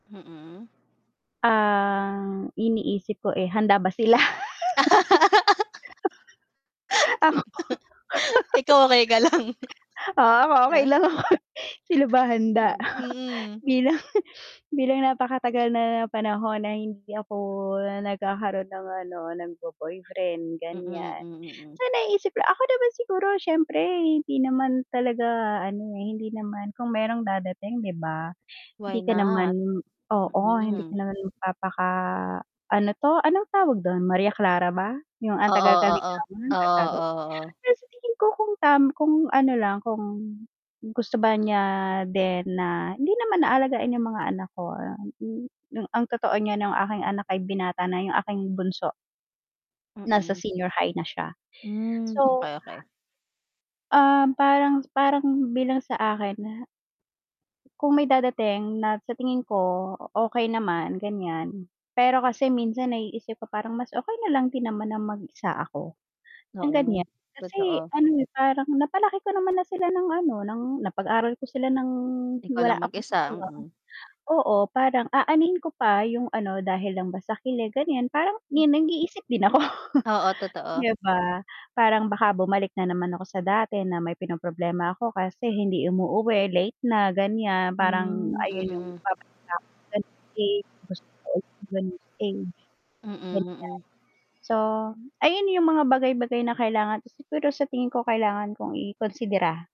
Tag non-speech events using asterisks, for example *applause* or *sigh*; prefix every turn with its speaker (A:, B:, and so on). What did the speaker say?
A: Mm.
B: Ang iniisip ko, eh, handa ba sila?
A: *laughs* *laughs* Ikaw okey ka lang.
B: *laughs* Ako, *laughs* ah, okey
A: Ah.
B: lang ako. Sila ba handa
A: Hmm, mm.
B: bilang bilang napakatagal na panahon na hindi ako nagkakaroon ng ano ng bo boyfriend,
A: Mm,
B: ganyan.
A: mm, mm.
B: So, naiisip ko ako naman siguro siyempre hindi naman talaga ano, eh, hindi naman kung merong dadating, 'di ba? Hindi
A: Why
B: ka naman
A: not?
B: oo, hindi ka
A: Mm.
B: naman magpapaka ah, ano 'to, anong tawag dun? Maria Clara ba? Yung ang
A: Oo,
B: tagal ka
A: oo.
B: ligawan
A: Oo,
B: *unintelligible*
A: oo, oo.
B: pero sa tingin ko kung tam kung ano lang kung gusto ba niya din na hindi naman na alagain yung mga anak ko, ang totoo niyan ang aking anak ay binata na yung aking bunso nasa
A: Mm.
B: senior high na siya.
A: Hmm,
B: So
A: okey, okey.
B: ah parang parang bilang sa akin na kung may dadating na sa tingin ko, okey naman, ganyan, pero kasi minsan naiisip ko parang mas okey nalang din naman na mag-isa ako ng, ganyan.
A: Oo,
B: Kasi
A: totoo.
B: ano, eh, parang napalaki ko naman na sila ng ano ng napag-aral ko sila ng
A: Ikaw
B: wala
A: lang
B: akong
A: mag-isa,
B: katuwang
A: mm.
B: oo, parang aanhin ko pa yung ano dahil lang ba sa kilig, ganyan, parang 'di nag-iisip din ako. *chuckles*
A: Oo, totoo.
B: 'Di ba parang baka bumalik na naman ako sa dati na may pinoproblema ako kasi hindi umuuwi, late na, ganyan. Parang
A: Hmm,
B: ayun yung
A: mm.
B: babalik ako sa ganyang stage, gusto ko ng ganyang stage,
A: Mm,
B: ganyan.
A: mm.
B: So, ayun yung mga bagay bagay na kailangan siguro sa tingin ko kailangan kong ikonsidera.